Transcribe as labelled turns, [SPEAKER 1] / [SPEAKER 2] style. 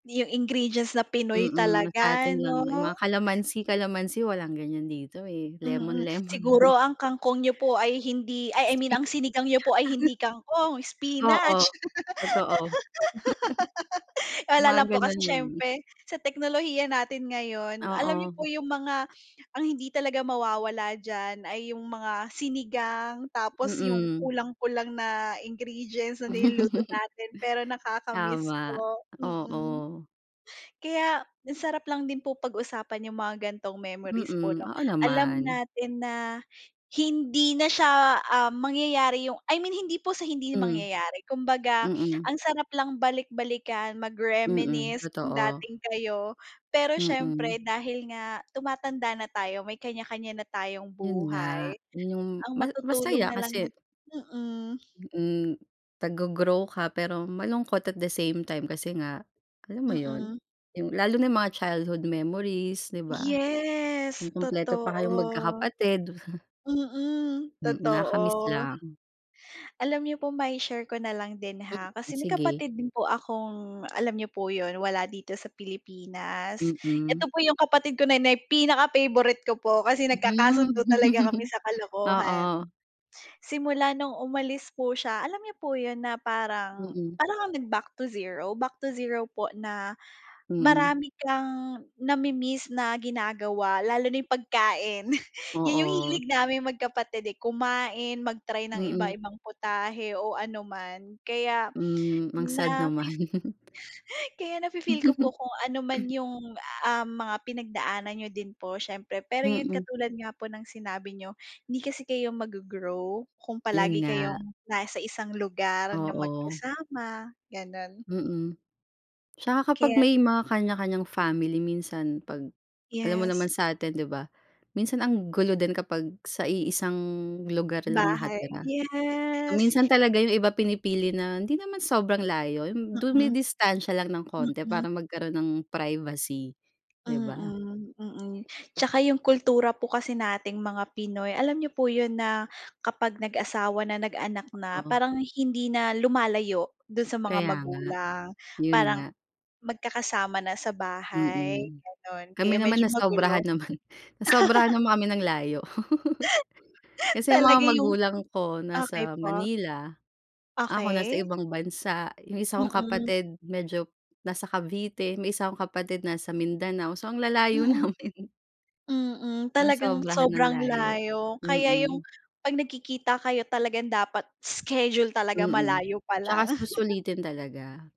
[SPEAKER 1] 'Yung ingredients na Pinoy
[SPEAKER 2] Mm,
[SPEAKER 1] talaga
[SPEAKER 2] sa'tin lang, 'yung
[SPEAKER 1] 'no?
[SPEAKER 2] mga kalamansi kalamansi walang ganiyan dito, eh,
[SPEAKER 1] Mm,
[SPEAKER 2] lemon-lemon
[SPEAKER 1] siguro
[SPEAKER 2] lang.
[SPEAKER 1] ang kangkong niyo po ay hindi ay I
[SPEAKER 2] Spi
[SPEAKER 1] mean ang sinigang niyo po ay hindi kangkong,
[SPEAKER 2] Oo,
[SPEAKER 1] spinach.
[SPEAKER 2] totoo.
[SPEAKER 1] Wala
[SPEAKER 2] Mga
[SPEAKER 1] lang po, kasi
[SPEAKER 2] gano'n lang.
[SPEAKER 1] siyempre sa teknolohiya natin ngayon alam niyo
[SPEAKER 2] Oo.
[SPEAKER 1] po 'yung mga ang hindi talaga mawawala diyan ay 'yung mga sinigang, tapos 'yung
[SPEAKER 2] Mm.
[SPEAKER 1] kulang-kulang na ingredients na niluluto natin pero nakaka-miss
[SPEAKER 2] Tama,
[SPEAKER 1] po, mm.
[SPEAKER 2] oo.
[SPEAKER 1] Kaya ang sarap lang din po pag-usapan 'yung mga ganitong memories po, 'no.
[SPEAKER 2] Mm, oo
[SPEAKER 1] Alam
[SPEAKER 2] naman.
[SPEAKER 1] natin na hindi na siya, um, mangyayari 'yung I mean hindi po sa hindi
[SPEAKER 2] Hmm.
[SPEAKER 1] mangyayari, kumbaga
[SPEAKER 2] Mm.
[SPEAKER 1] ang sarap lang balik-balikan,
[SPEAKER 2] Mm,
[SPEAKER 1] mag-reminisce 'yung
[SPEAKER 2] totoo.
[SPEAKER 1] dating kayo. Pero siyempre
[SPEAKER 2] Mm.
[SPEAKER 1] dahil nga tumatanda na tayo may kanya-kanya na tayong
[SPEAKER 2] 'Yun nga,
[SPEAKER 1] buhay.
[SPEAKER 2] yun 'yung
[SPEAKER 1] Ang
[SPEAKER 2] mas
[SPEAKER 1] matutulong
[SPEAKER 2] masaya
[SPEAKER 1] nalang na
[SPEAKER 2] kasi
[SPEAKER 1] mm.
[SPEAKER 2] Mm, naggo-grow ka pero malungkot at the same time, kasi nga, alam mo 'yun,
[SPEAKER 1] Mm.
[SPEAKER 2] 'yung lalo na 'yung mga childhood memories, 'di ba?
[SPEAKER 1] Yes,
[SPEAKER 2] Nung kumpleto pa kayong
[SPEAKER 1] totoo.
[SPEAKER 2] magkakapatid.
[SPEAKER 1] Mm,
[SPEAKER 2] Mm, nakaka-miss
[SPEAKER 1] totoo.
[SPEAKER 2] lang.
[SPEAKER 1] Alam niyo po mai-share ko na lang din, ha,
[SPEAKER 2] Hmm,
[SPEAKER 1] kasi may
[SPEAKER 2] sige.
[SPEAKER 1] kapatid din po akong alam niyo po 'yun, wala dito sa Pilipinas.
[SPEAKER 2] Mm.
[SPEAKER 1] Ito po 'yung kapatid ko na 'yun pinaka-favorite ko po kasi nagkakasundo talaga kami
[SPEAKER 2] Hmm.
[SPEAKER 1] sa kalokohan.
[SPEAKER 2] Oo.
[SPEAKER 1] Simula no'ng umalis po siya, alam niyo po 'yun na parang,
[SPEAKER 2] Mm.
[SPEAKER 1] para kang nag-back to zero, back to zero po na,
[SPEAKER 2] Mm.
[SPEAKER 1] marami kang nami-miss na ginagawa lalo na 'yung pagkain, 'yun 'yung
[SPEAKER 2] Oo.
[SPEAKER 1] hilig naming magkapatid, eh, kumain, mag-try ng
[SPEAKER 2] Mm.
[SPEAKER 1] iba-ibang putahe o ano man kaya
[SPEAKER 2] Hmm, ang sad
[SPEAKER 1] nafi
[SPEAKER 2] naman.
[SPEAKER 1] Kaya nafi-feel ko po kung ano man 'yung, ah, mga pinagdaanan niyo din po siyempre. Pero 'yun
[SPEAKER 2] Mm.
[SPEAKER 1] katulad nga po ng sinabi niyo, hindi kasi kayo maggo-grow kung palagi
[SPEAKER 2] 'Yun nga.
[SPEAKER 1] kayong nasa isang lugar na
[SPEAKER 2] Oo.
[SPEAKER 1] magkasama, gano'n.
[SPEAKER 2] Mm, tsaka kapag
[SPEAKER 1] Kaya.
[SPEAKER 2] may mga kanya-kanyang family minsan pag alam mo
[SPEAKER 1] Yes.
[SPEAKER 2] naman sa'tin 'di ba. Minsan ang gulo din kapag sa iisang lugar lang
[SPEAKER 1] Bahay,
[SPEAKER 2] nakatira,
[SPEAKER 1] yes.
[SPEAKER 2] minsan talaga 'yung iba pinipili na hindi naman sobrang layo 'yung
[SPEAKER 1] Mm.
[SPEAKER 2] dumidistansiya lang ng konti
[SPEAKER 1] Mm.
[SPEAKER 2] para magkaroon ng privacy, 'di ba?
[SPEAKER 1] Mm, mm tsaka 'yung kultura po kasi nating mga Pinoy alam niyo po 'yun na kapag nag-asawa na, nag-anak na,
[SPEAKER 2] Oo.
[SPEAKER 1] parang hindi na lumalayo do'n sa mga
[SPEAKER 2] Kaya nga,
[SPEAKER 1] magulang.
[SPEAKER 2] 'yun
[SPEAKER 1] Parang
[SPEAKER 2] nga.
[SPEAKER 1] magkakasama na sa bahay
[SPEAKER 2] Mm,
[SPEAKER 1] gano'n
[SPEAKER 2] kami
[SPEAKER 1] kaya
[SPEAKER 2] naman
[SPEAKER 1] medyo magulo.
[SPEAKER 2] nasobrahan naman, nasobrahan naman kami ng layo. Kasi 'yung mga
[SPEAKER 1] Talaga 'yung,
[SPEAKER 2] magulang ko
[SPEAKER 1] okey
[SPEAKER 2] nasa
[SPEAKER 1] po.
[SPEAKER 2] Manila, ako nasa
[SPEAKER 1] Okey.
[SPEAKER 2] ibang bansa, 'yung isa kong
[SPEAKER 1] Mm.
[SPEAKER 2] kapatid medyo nasa Cavite, may isa akong kapatid nasa Mindanao so ang lalayo
[SPEAKER 1] Mm.
[SPEAKER 2] namin.
[SPEAKER 1] Mm, talagang
[SPEAKER 2] Nasobrahan ng
[SPEAKER 1] sobrang
[SPEAKER 2] layo,
[SPEAKER 1] layo kaya 'yung
[SPEAKER 2] mm.
[SPEAKER 1] 'pag nagkikita kayo talagang dapat schedule talaga
[SPEAKER 2] Mm,
[SPEAKER 1] malayo
[SPEAKER 2] tsaka
[SPEAKER 1] palang.
[SPEAKER 2] susulitin talaga.